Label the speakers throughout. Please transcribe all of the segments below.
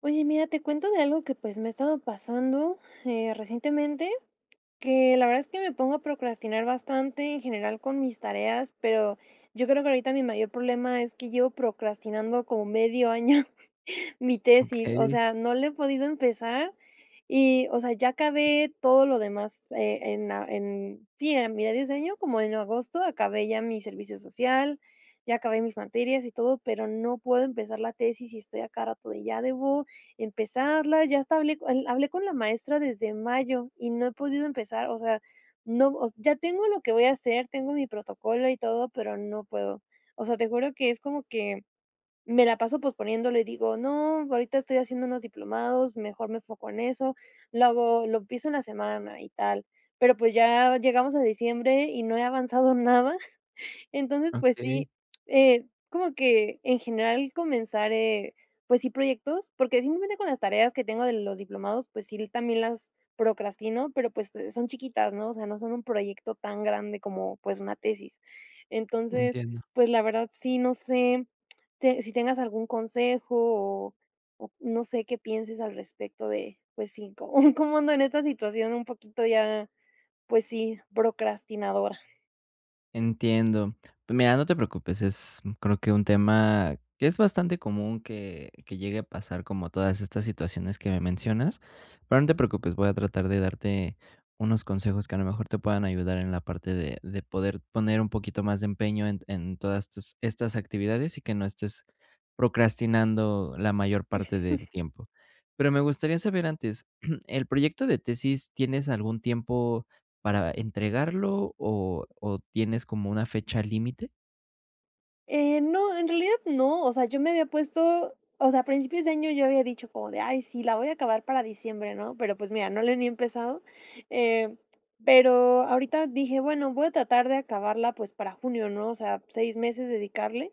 Speaker 1: Oye, mira, te cuento de algo que, pues, me ha estado pasando, eh, recientemente que la verdad es que me pongo a procrastinar bastante, en general con mis tareas, pero, yo creo que ahorita mi mayor problema es que llevo procrastinando como medio año mi tesis, o
Speaker 2: Okey.
Speaker 1: sea, no la he podido empezar y, o sea, ya acabé todo lo demás, eh, en en sí, eh, mira diseño como en agosto, acabé ya mi servicio social, ya acabé mis materias y todo, pero, no puedo empezar la tesis y estoy a cada rato de ya debo empezarla, ya hasta hablé el hablé con la maestra desde mayo y no he podido empezar. O sea, no, o se ya tengo lo que voy a hacer, tengo mi protocolo y todo, pero no puedo. O sea, te juro que es como que, me la paso posponiéndolo y digo: "No, ahorita estoy haciendo unos diplomados, mejor me enfoco en eso, lo hago lo empiezo en la semana y tal", pero, pues, ya llegamos a diciembre y no he avanzado nada. Entonces, pues
Speaker 2: Okey.
Speaker 1: sí, eh, como que en general comenzar, eh, pues sí, proyectos, porque simplemente con las tareas que tengo de los diplomados, pues sí, también las procrastino, pero, pues, eh, son chiquitas, ¿no?, o sea, no son un proyecto tan grande como, pues, una tesis. Entonces,
Speaker 2: Entiendo.
Speaker 1: pues, la verdad sí, no sé, te si tengas algún consejo o o no sé, qué pienses al respecto de, pues, sí cómo cómo ando en esta situación un poquito ya, pues sí, procrastinadora.
Speaker 2: Entiendo. Mira, no te preocupes. Es, creo, que un tema que es bastante común que que llegue a pasar, como todas estas situaciones que me mencionas. Pero no te preocupes, voy a tratar de darte unos consejos que a lo mejor te puedan ayudar en la parte de de poder poner un poquito más de empeño en en todas estas estas actividades y que no estés procrastinando la mayor parte del tiempo. Pero me gustaría saber antes el proyecto de tesis, ¿tienes algún tiempo para entregarlo o o tienes como una fecha límite?
Speaker 1: Eh, no, en realidad no. O sea, yo me había puesto, o sea, a principios de año. Yo había dicho como de: "Ay, sí, la voy a acabar para diciembre", ¿no?, pero pues mira, no le he ni empezado, eh, pero ahorita dije: "Bueno, voy a tratar de acabarla, pues para junio", ¿no? O sea, seis meses dedicarle,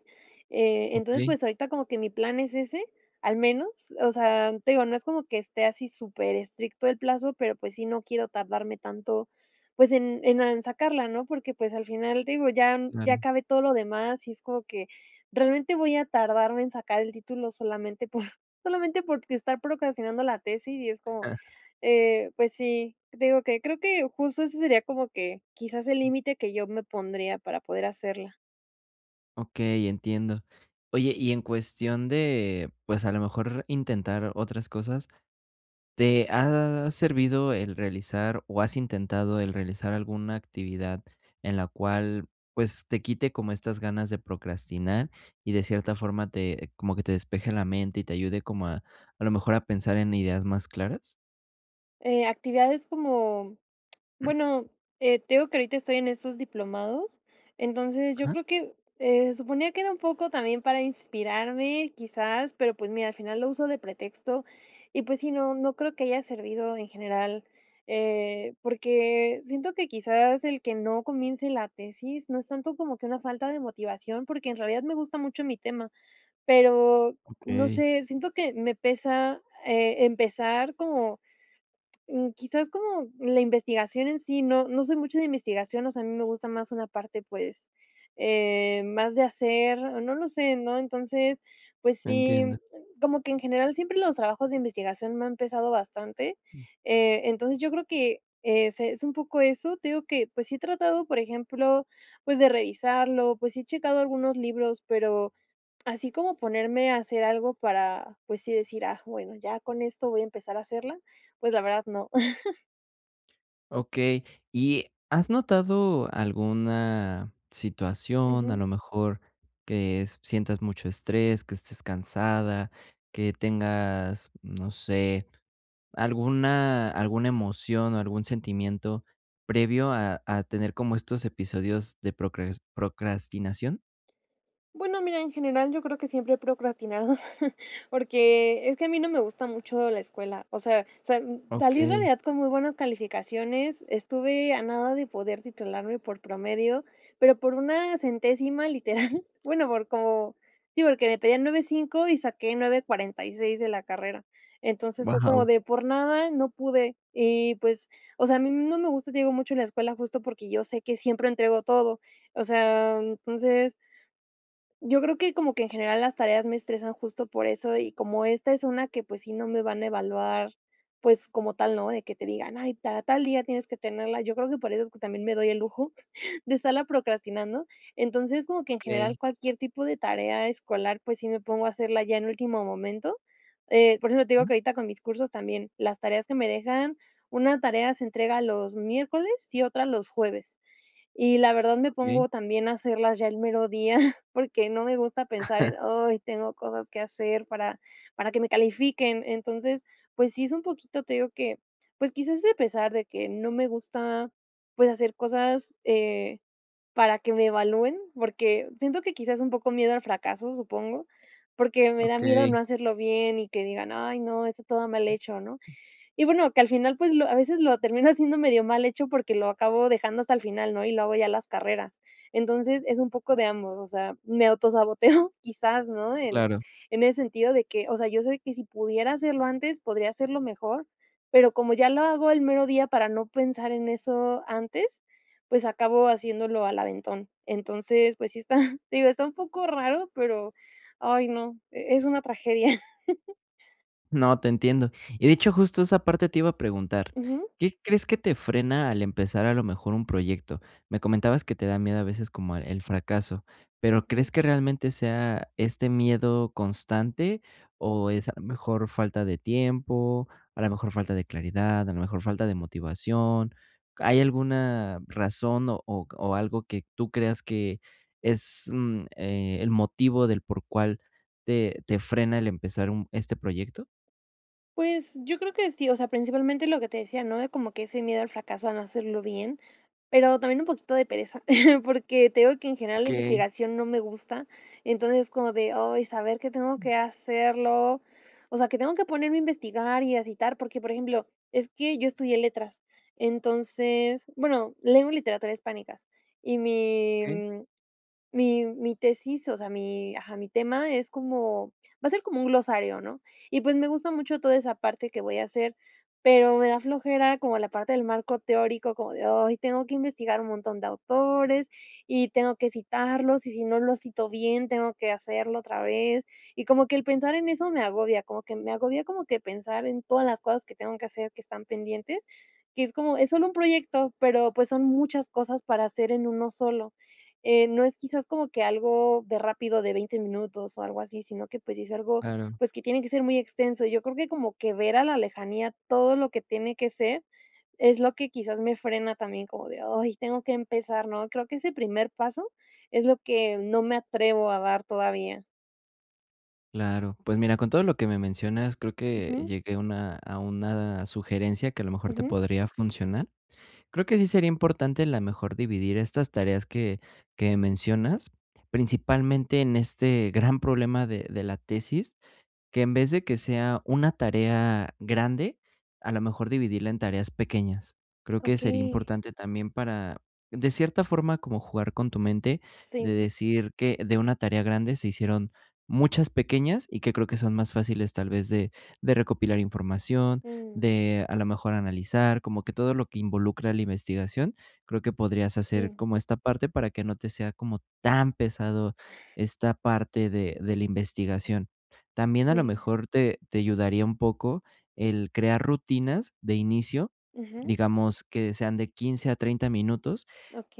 Speaker 1: eh, entonces,
Speaker 2: Okey.
Speaker 1: pues ahorita como que mi plan es ese, al menos, o sea, te digo, no es como que esté así superestricto el plazo, pero pues sí, no quiero tardarme tanto, pues en en en sacarla, ¿no?, porque, pues, al final, te digo, ya ya
Speaker 2: Claro.
Speaker 1: acabé todo lo demás y es como que realmente voy a tardarme en sacar el título solamente por solamente por estar procrastinando la tesis y es como,
Speaker 2: Ajá.
Speaker 1: eh, pues sí, digo que creo que justo eso sería como que quizás el límite que yo me pondría para poder hacerla.
Speaker 2: Okey, entiendo. Oye, y en cuestión de, pues, a lo mejor intentar otras cosas, ¿te ha servido el realizar, o has intentado el realizar alguna actividad en la cual, pues, te quite como estas ganas de procrastinar, y de cierta forma te como que te despeje la mente, y te ayude como a a lo mejor a pensar en ideas más claras?
Speaker 1: Eh, actividades como bueno, eh, te digo que ahorita estoy en estos diplomados. Entonces, yo
Speaker 2: Ajá.
Speaker 1: creo que, eh, se suponía que era un poco también para inspirarme, quizás, pero, pues mira, al final lo uso de pretexto, y pues, sí, no no creo que haya servido en general, eh, porque siento que, quizás, el que no comience la tesis, no es tanto como que una falta de motivación, porque en realidad me gusta mucho mi tema, pero, no
Speaker 2: Okey.
Speaker 1: sé, siento que me pesa, eh, empezar como, mm, quizás, como la investigación en sí. No no soy mucho de investigación. O sea, a mí me gusta más una parte, pues, eh, más de hacer. No lo sé, ¿no?, entonces, pues sí,
Speaker 2: Entiendo.
Speaker 1: como que en general siempre los trabajos de investigación me han empezado bastante.
Speaker 2: Mm.
Speaker 1: Eh, entonces yo creo que, eh, es un poco eso. Te digo que, pues, sí he tratado, por ejemplo, pues, de revisarlo, pues, he checado algunos libros, pero, así como ponerme a hacer algo para, pues sí, decir: "Ah, bueno, ya con esto voy a empezar a hacerla". Pues la verdad no.
Speaker 2: Okey, ¿y has notado alguna situación? A
Speaker 1: Ujú.
Speaker 2: lo mejor que sientas mucho estrés, que estés cansada, que tengas, no sé, alguna alguna emoción o algún sentimiento previo a a tener como estos episodios de procras procrastinación.
Speaker 1: Bueno, mira, en general, yo creo que siempre he procrastinado porque es que a mí no me gusta mucho la escuela. O sea, sal salí en
Speaker 2: Okey.
Speaker 1: realidad con muy buenas calificaciones. Estuve a nada de poder titularme por promedio, pero por una centésima literal, bueno, por cómo sí, porque me pedían 9.5 y saqué 9.46 de la carrera. Entonces, fue como
Speaker 2: Wao.
Speaker 1: de por nada, no pude y, pues, o sea, a mí, mm, no me gusta, te digo, mucho la escuela, justo porque yo sé que siempre entrego todo. O sea, entonces Yo creo que como que en general las tareas me estresan justo por eso, y como esta es una que, pues, si no me van a evaluar, pues como tal, ¿no?, de que te digan: "Ay, ta tal día tienes que tenerla". Yo creo que por eso es que también me doy el lujo de estarla procrastinando. Entonces, como que en
Speaker 2: Okey.
Speaker 1: general cualquier tipo de tarea escolar. Pues sí, me pongo a hacerla ya en último momento, eh, por eso te digo que ahorita con mis cursos, también las tareas que me dejan, una tarea, se entrega los miércoles y otra los jueves. Y la verdad, me
Speaker 2: Okey.
Speaker 1: pongo también a hacerlas ya el mero día porque no me gusta pensar en "Ay, tengo cosas que hacer para para que me califiquen". Entonces, pues sí, es un poquito Te digo que pues quizás, a pesar de que no me gusta, pues hacer cosas, eh, para que me evalúen, porque siento que quizás es un poco miedo al fracaso, supongo. Porque me da miedo no
Speaker 2: Okey.
Speaker 1: hacerlo bien y que digan: "Ay, no, está todo mal hecho", ¿no?, y bueno, que al final, pues lo a veces lo termino haciendo medio mal hecho porque lo acabo dejando hasta el final, ¿no? Y lo hago ya en las carreras. Entonces es un poco de ambos. O sea, me autosaboteo, quizás, ¿no?, en
Speaker 2: Claro.
Speaker 1: en ese sentido de que, o sea, yo sé que si pudiera hacerlo antes, podría hacerlo mejor, pero como ya lo hago el mero día para no pensar en eso antes, pues acabo haciéndolo al aventón. Entonces, pues sí está, te digo, está un poco raro, pero ay, no, e es una tragedia.
Speaker 2: No, te entiendo. Y de hecho, justo esa parte te iba a preguntar,
Speaker 1: Ujú.
Speaker 2: ¿qué crees que te frena al empezar a lo mejor un proyecto? Me comentabas que te da miedo a veces como el fracaso. Pero ¿crees
Speaker 1: Ujú.
Speaker 2: que realmente sea este miedo constante o es mejor falta de tiempo, a lo mejor falta de claridad, a la mejor falta de motivación? ¿Hay alguna razón o c o algo que tú creas que es, mm, eh, el motivo del por cual te te frena el empezar un este proyecto?
Speaker 1: Pues yo creo que sí. O sea, principalmente lo que te decía, ¿no?, de como que ese miedo al fracaso a no hacerlo bien, pero también un poquito de pereza porque te digo que en general la
Speaker 2: Okey.
Speaker 1: investigación no me gusta. Entonces es como de: "Ay, saber que tengo que hacerlo". O sea que tengo que ponerme a investigar y a citar porque, por ejemplo, es que yo estudié letras, entonces, bueno, leo literatura hispánicas y mi
Speaker 2: Okey.
Speaker 1: mi mi tesis, o sea, mi ajá, mi tema es como va a ser como un glosario, ¿no?, y pues me gusta mucho toda esa parte que voy a hacer, pero me da flojera como la parte del marco teórico como de: "Ay, tengo que investigar un montón de autores y tengo que citarlos y si no lo cito bien, tengo que hacerlo otra vez", y como que el pensar en eso me agobia como que me agobia, como que pensar en todas las cosas que tengo que hacer que están pendientes, que es como es solo un proyecto, pero pues son muchas cosas para hacer en uno solo. Eh, no es quizás como que algo de rápido de 20 minutos o algo así, sino que pues sí es algo,
Speaker 2: Claro.
Speaker 1: pues que tiene que ser muy extenso. Yo creo que como que ver a la lejanía todo lo que tiene que ser es lo que quizás me frena también como de: "Ay, tengo que empezar", ¿no?, creo que ese primer paso es lo que no me atrevo a dar todavía.
Speaker 2: Claro. Pues mira, con todo lo que me mencionas, creo que
Speaker 1: Ujú.
Speaker 2: llegué a una a una sugerencia que a lo mejor te
Speaker 1: Ujú.
Speaker 2: podría funcionar. Creo que sí sería importante la mejor dividir estas tareas que que mencionas, principalmente en este gran problema de de la tesis que en vez de que sea una tarea grande, a lo mejor dividirla en tareas pequeñas. Creo que sería
Speaker 1: Okey.
Speaker 2: importante también, para de cierta forma, como jugar con tu mente, de
Speaker 1: Sí.
Speaker 2: decir que de una tarea grande se hicieron muchas pequeñas y que creo que son más fáciles, tal vez, de de recopilar información
Speaker 1: Mm.
Speaker 2: de a lo mejor analizar como que todo lo que involucra la investigación, creo que podrías hacer
Speaker 1: Sí.
Speaker 2: como esta parte para que no te sea como tan pesado esta parte de de la investigación. También a lo
Speaker 1: Sí.
Speaker 2: mejor te te ayudaría un poco el crear rutinas de inicio,
Speaker 1: Ujú.
Speaker 2: digamos que sean de 15, a 30, minutos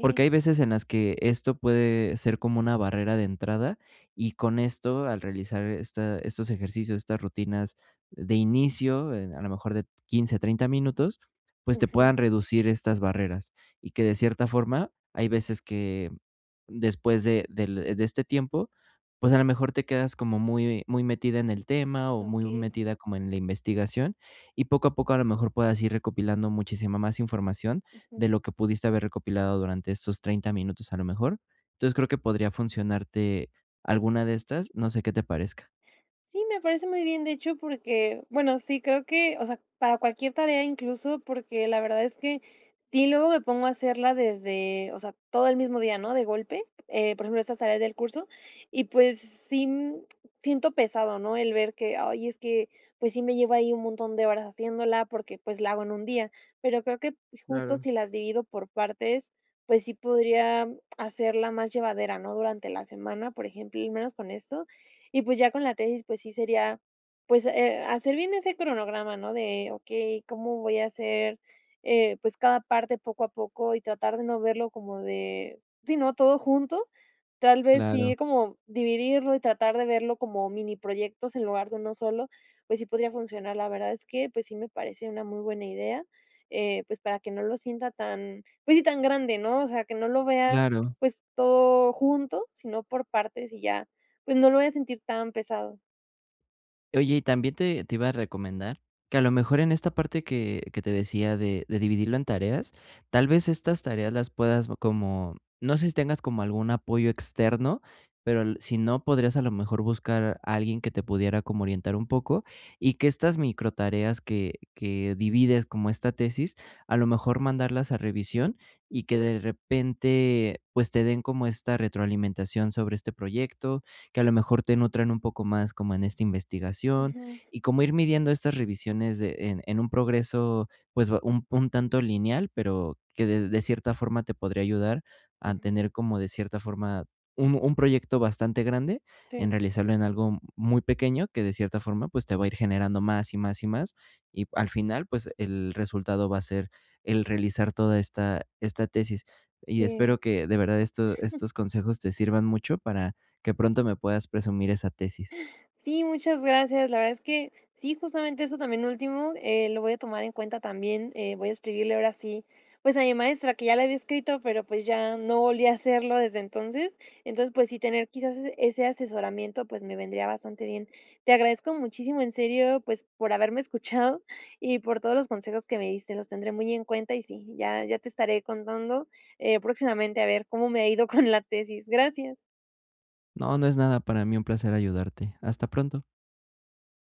Speaker 2: porque hay veces en las que esto puede ser como una barrera de entrada y con esto, al realizar esta estos ejercicios, estas rutinas de inicio, eh, a lo mejor de 15, a 30, minutos, pues, te
Speaker 1: Ujú.
Speaker 2: puedan reducir estas barreras y que de cierta forma hay veces que después de del de este tiempo, pues, a lo mejor te quedas como muy muy metida en el tema o muy
Speaker 1: Okey.
Speaker 2: metida como en la investigación y poco a poco a lo mejor puedas ir recopilando muchísima más información
Speaker 1: Ujú.
Speaker 2: de lo que pudiste haber recopilado durante estos 30, minutos a lo mejor. Entonces creo que podría funcionarte alguna de estas. No sé, qué te parezca.
Speaker 1: Sí, me parece muy bien, de hecho, porque bueno, sí, creo que o sea, para cualquier tarea, incluso porque la verdad es que sí, luego me pongo a hacerla desde o sea, todo el mismo día, ¿no?, de golpe, eh, por ejemplo, estas tareas del curso y pues sí, mm siento pesado, ¿no?, el ver que ay, es que pues sí, me lleva ahí un montón de horas haciéndola porque pues, la hago en un día, pero creo que justo
Speaker 2: Claro.
Speaker 1: si las divido por partes, pues sí podría hacerla más llevadera, ¿no?, durante la semana, por ejemplo, y menos con esto. Y pues ya con la tesis, pues sí, sería pues, eh, hacer bien ese cronograma, ¿no? De okey, ¿cómo voy a hacer, eh, pues, cada parte poco a poco?, y tratar de no verlo como de sí, ¿no?, todo junto. Tal vez
Speaker 2: Claro.
Speaker 1: sí, como dividirlo y tratar de verlo como miniproyectos en lugar de uno solo, pues sí, podría funcionar. La verdad es que pues sí, me parece una muy buena idea, eh, pues, para que no lo sienta tan pues sí, tan grande, ¿no? O sea que no lo vea,
Speaker 2: Claro.
Speaker 1: pues todo junto, sino por partes y ya, pues, no lo voy a sentir tan pesado.
Speaker 2: Oye, y también te te iba a recomendar que a lo mejor en esta parte que que te decía de de dividirlo en tareas, tal vez, estas tareas las puedas bo como no sé si tengas como algún apoyo externo, pero, el sí no, podrías a lo mejor, buscar alguien que te pudiera como orientar un poco y que estas microtareas que que divides como esta tesis, a lo mejor mandarlas a revisión, y que de repente, pues, te den como esta retroalimentación sobre este proyecto que a lo mejor, te nutran un poco más como en este investigación,
Speaker 1: Ujú.
Speaker 2: y como ir midiendo estas revisiones de en en un progreso, pues, ba un un tanto lineal, pero, que de de cierta forma, te podría ayudar a
Speaker 1: Ujú.
Speaker 2: tener como, de cierta forma, un un proyecto bastante grande,
Speaker 1: Sí.
Speaker 2: en realizarlo en algo muy pequeño, que de cierta forma, pues, te va a ir generando más y más y más, y al final, pues, el resultado va a ser el realizar toda esta esta tesis. Y espero
Speaker 1: Sí.
Speaker 2: que de verdad esto estos consejos te sirvan mucho para que pronto me puedas presumir esa tesis.
Speaker 1: Sí, muchas gracias. La verdad es que sí, justamente eso también último, eh, lo voy a tomar en cuenta también, eh, voy a escribirle ahora sí, pues, a mi maestra que ya le había escrito, pero, pues, ya no volví a hacerlo desde entonces. Entonces, pues, sí tener quizás ese asesoramiento, pues, me vendría bastante bien. Te agradezco muchísimo, en serio, pues, por haberme escuchado y por todos los consejos que me diste, los tendré muy en cuenta y sí, ya ya te estaré contando, eh, próximamente a ver cómo me ha ido con la tesis. Gracias.
Speaker 2: No, no es nada, para mí un placer ayudarte. Hasta pronto.